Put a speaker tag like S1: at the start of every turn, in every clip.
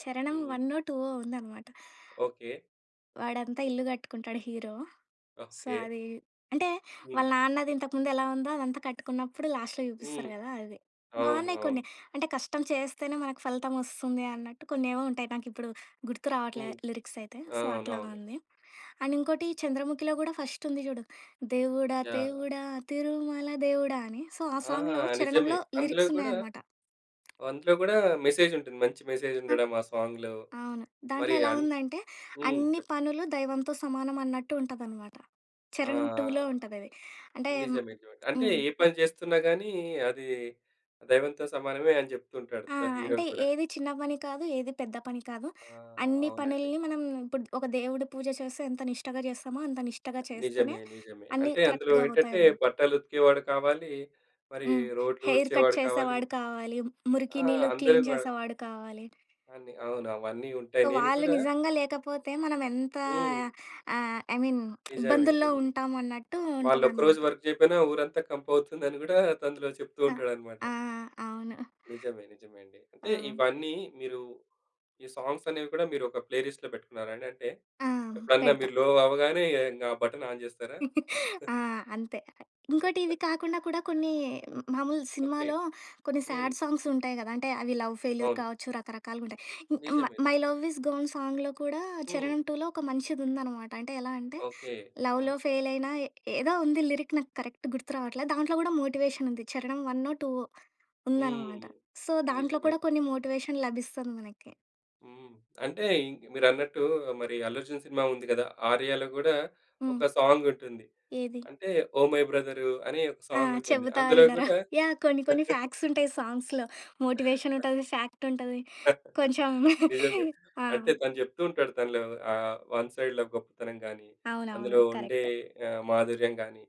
S1: చరణం
S2: హ్మ్.
S1: వన్నో, టూవో ఉందనమాట.
S2: ఓకే.
S1: వాడంతా ఇల్లు కట్టుకుంటాడు హీరో. So,
S2: okay.
S1: అదీ అంటే,
S2: హ్మ్.
S1: వాళ్ళ నాన్నది ఇంతకుముందెలా ఉందో, అదంతా కట్టుకున్నప్పుడు లాస్ట్‌లో చూపిస్తారు
S2: హ్మ్.
S1: గదా అది.
S2: అవును.
S1: బావున్నాయి కొన్ని,
S2: అవును.
S1: అంటే కష్టం చేస్తేనే మనకు ఫలితమోస్తుంది అన్నట్టు కొన్నేవో ఉంటాయి, నాకిప్పుడు గుర్తు రావట్లే,
S2: హ్మ్.
S1: లిరిక్సైతే. సో, అట్లాగా
S2: అవునవును.
S1: ఉంది. అండ్ ఇంకోటి చంద్రముఖిలో గూడా ఫస్టుంది చూడు, దేవుడా,
S2: యాహ్!
S1: దేవుడా, తిరుమల దేవుడా! అని. సో, ఆ
S2: ఆహా!
S1: సాంగ్‌లో
S2: నిజమే.
S1: చరణంలో
S2: అందులో గూడా
S1: లిరిక్సున్నాయనమాట.
S2: వందులో గూడా మెసేజుంటుంది. మంచి
S1: ఆ!
S2: మెసేజుండడం ఆ సాంగ్‌లో
S1: అవును. దాంట్లో
S2: మరి
S1: ఎలా
S2: అన్
S1: ఉందంటే,
S2: హ్మ్.
S1: అన్ని
S2: చెప్పండి.
S1: పనులు దైవంతో సమానం అన్నట్టు ఉంటదనమాట.
S2: ఆ!
S1: చరణం 2లో ఉంటదది అంటే
S2: నిజమే జాయ్, అంటే,
S1: హ్మ్.
S2: ఏ పని చేస్తున్నా గానీ అదీ, దైవంతో సమానమే అని చెప్తుంటాడు
S1: ఆ!
S2: త హీరో
S1: అంటే,
S2: గూడా.
S1: ఏది చిన్న పని కాదు, ఏది పెద్ద పని కాదు.
S2: ఆ!
S1: అన్ని
S2: అవునండి.
S1: పనిల్ని మనం ఇప్పుడు ఒక దేవుడి పూజ చేస్తే, ఎంత నిష్టగా చేస్తామో, అంత నిష్టగా చేస్తేనే,
S2: నిజమే, నిజమే,
S1: అన్నీ
S2: అంటే అందులో
S1: కరెక్ట్‌గా
S2: ఏంటంటే,
S1: అవుతాయన్నట్టు.
S2: బట్టలుతికేవాడు కావాలీ, మరి
S1: హ్మ్. హెయిర్ కట్
S2: రోడ్లూడ్చేవాడు కావాలి.
S1: చేసేవాడు కావాలి. మురికి
S2: ఆ!
S1: నీళ్లు
S2: అందరు
S1: క్లీన్
S2: గూడా.
S1: చేసేవాడు కావాలి.
S2: అన్నీ. అవును, అవన్నీ ఉంటాయి.
S1: సో,
S2: నేను
S1: వాళ్ళు
S2: కూడా
S1: నిజంగా లేకపోతే, మనమెంత
S2: హ్మ్.
S1: ఆహ్, ఐ మీన్
S2: నిజమే.
S1: ఇబ్బందుల్లో
S2: నిజమే.
S1: ఉంటాము అన్నట్టు
S2: వాళ్ళోక రోజు
S1: ఉంటదనమాట.
S2: వర్క్ జేయకపోయినా, ఊరంతా కంపవుతుందని గూడా అందులో చెప్తూ
S1: ఆ!
S2: ఉంటాడనమాట.
S1: ఆ! అవును.
S2: నిజమే, నిజమే అండి. అంటే,
S1: ఆ!
S2: ఇవన్నీ మీరు ఈ సాంగ్సనేవి కూడా మీరొక ప్లే లిస్ట్‌లో పెట్టుకున్నారా అండి? అంటే,
S1: ఆ!
S2: ఎప్పుడన్నా
S1: పెడతా.
S2: మీరు లో అవ్వగానే, ఇక ఇంగా బటన్ ఆన్ జేస్తారా?
S1: ఆ! అంతే. ఇంకోటి, ఇది కాకుండా కూడా కొన్ని హ్మ్, మామూలు
S2: ఓకే.
S1: సినిమాలో కొన్ని
S2: హ్మ్.
S1: శాడ్ సాంగ్సుంటాయి గదా! అంటే, అవి లవ్ ఫెయిల్యూర్
S2: అవును.
S1: కావచ్చు, రకరకాలుగుంటాయి. ఇ ఇమ్మ
S2: నిజమే.
S1: 'మై
S2: నిజమే.
S1: లవ్ ఇస్ గాన్' సాంగ్‌లో కూడా,
S2: హ్మ్.
S1: చరణం 2లో ఒక మంచిదుందనమాట. అంటే, ఎలా అంటే,
S2: ఓకే. ఆ!
S1: లవ్‌‌లో ఫెయిలైనా ఏ ఏదో ఉంది లిరిక్ నాకు కరెక్ట్ గుర్తు రావట్ల, దాంట్లో గూడా మోటివేషనుంది. చరణం వన్నో టూవో ఉందన్నమాట.
S2: హ్మ్.
S1: సో, దాంట్లో
S2: నిజమే.
S1: కూడా కొన్ని మోటివేషన్ లభిస్తుంది మనకి.
S2: హ్మ్. అంటే ఇంక మీరన్నట్టూ, మరి 'అల్లు అర్జున్' సినిమా ఉంది గదా, ఆర్యలో గూడా
S1: హ్మ్.
S2: ఒక సాంగుంటుంది.
S1: ఏది?
S2: అంటే, 'ఓహ్! మై బ్రదరు' అని ఒక
S1: ఆ!
S2: సాంగుంటుంది.
S1: చెబుతా
S2: అందులో
S1: వినరా.
S2: గూడా
S1: యాహ్! కొన్ని కొన్ని ఫాక్సుంటాయి సాంగ్స్‌లో.
S2: ఆ!
S1: మోటివేషనుంటది, ఫ్యాక్టుంటది. కొంచెం
S2: నిజంగా.
S1: ఆ!
S2: అంటే తను చెప్తూ ఉంటాడు, తన లవ్ ఆహ్, వన్ సైడ్‌ లవ్ గొప్పతనం గానీ,
S1: అవునవును.
S2: అందులో ఉండే
S1: కరెక్ట్.
S2: ఆహ్, మాధుర్యం గానీ,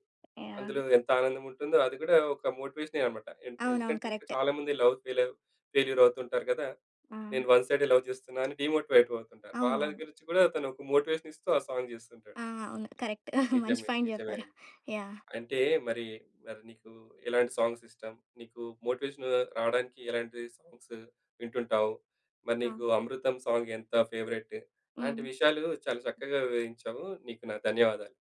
S1: యాహ్!
S2: అందులో ఎంతానందముంటుందో అది గూడా ఒక మోటివేషనే అనమాట. ఏంటే
S1: అవునవును
S2: ఎందుకంటే, ఇక్కడ
S1: కరెక్టే.
S2: చాలా మందే లవ్ ఫెయిలవ్ ఫెయిల్యూరవుతుంటారు గదా!
S1: ఆ!
S2: నేను వన్ సైడే లవ్ జేస్తున్నా అని డీమోటివేట్ వవుతుంటారు. వాళ్ళని
S1: అవునవును.
S2: గురించి కూడా, తనొక మోటివేషనిస్తూ ఆ సాంగ్ జేస్తూంటాడు.
S1: ఆ! అవును. కరెక్ట్. మంచి
S2: నిజమే.
S1: పాయింట్
S2: నిజమే
S1: జెప్పారు.
S2: అండి.
S1: యాహ్!
S2: అంటే మరీ, మరి నీకూ ఎలాంటి సాంగ్సిష్టం, నీకు మోటివేషను రావడానికి ఎలాంటి సాంగ్స్ వింటుంటావు, మరి
S1: ఆ!
S2: నీకు అమృతం సాంగ్ ఎంత ఫేవరెట్టు, ఇలాంటి
S1: హ్మ్.
S2: విషయాలు చాలా చక్కగా వివరించావు. నీకు నా ధన్యవాదాలు.